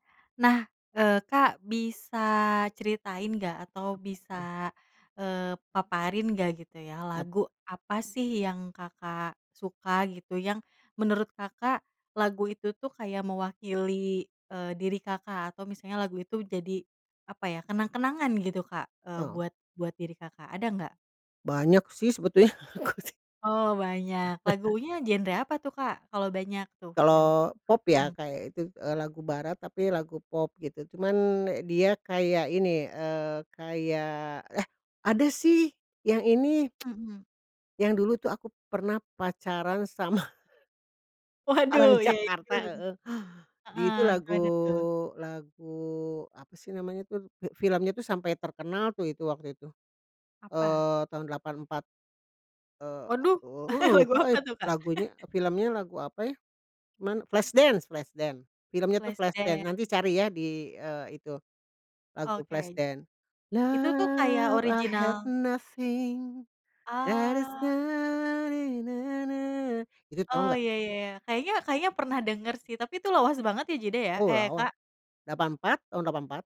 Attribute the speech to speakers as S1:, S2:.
S1: Nah, eee, Kak bisa ceritain nggak
S2: Apa
S1: atau
S2: tuh?
S1: bisa, eee, paparin nggak, gitu ya,
S2: Apa?
S1: lagu apa sih yang Kakak suka gitu, yang menurut Kakak lagu itu tuh kayak mewakili, eee, diri Kakak, atau misalnya lagu itu jadi, apa ya, kenang-kenangan gitu Kak, eee,
S2: Oh.
S1: buat buat diri Kakak, ada nggak?
S2: Banyak sih sebetulnya aku sih.
S1: Oh banyak, lagunya genre apa tuh Kak? Kalau banyak tuh, yang
S2: Kalau pop ya
S1: mhm.
S2: kayak itu, e lagu barat tapi lagu pop gitu, cuman dia kayak ini, eee, kayak eh ada sih, yang ini.
S1: Mhm.
S2: Yang dulu tuh aku pernah pacaran sama
S1: Waduh,
S2: orang
S1: iya iya,
S2: Jakarta
S1: betul betul.
S2: heeh, di
S1: Heeh,
S2: itu lagu
S1: gimana tuh?
S2: lagu, apa sih namanya tuh, fil filmnya tuh sampai terkenal tuh itu, waktu itu.
S1: Apa?
S2: Eee, tahun 84. Eee,
S1: Waduh,
S2: aduh
S1: lagu
S2: lupa euy
S1: apa tuh Kak?
S2: lagunya filmnya lagu apa ya. Cuman Flash Dance Flash Dance, filmnya tuh
S1: Flash
S2: Flash Dance,
S1: Dance.
S2: nanti cari ya, e di itu, lagu
S1: Oke.
S2: Flash Dance,
S1: Itu tuh kayak,
S2: "Love, i
S1: original
S2: have nothing and is
S1: Oh.
S2: not ni-na-na." Itu,
S1: Oh,
S2: tahu nggak?
S1: iya iya iya, kayaknya kayaknya pernah denger sih, tapi itu lawas banget ya, Jida, ya?
S2: Oh
S1: Eh,
S2: lawas,
S1: Kak.
S2: 84, tahun 84.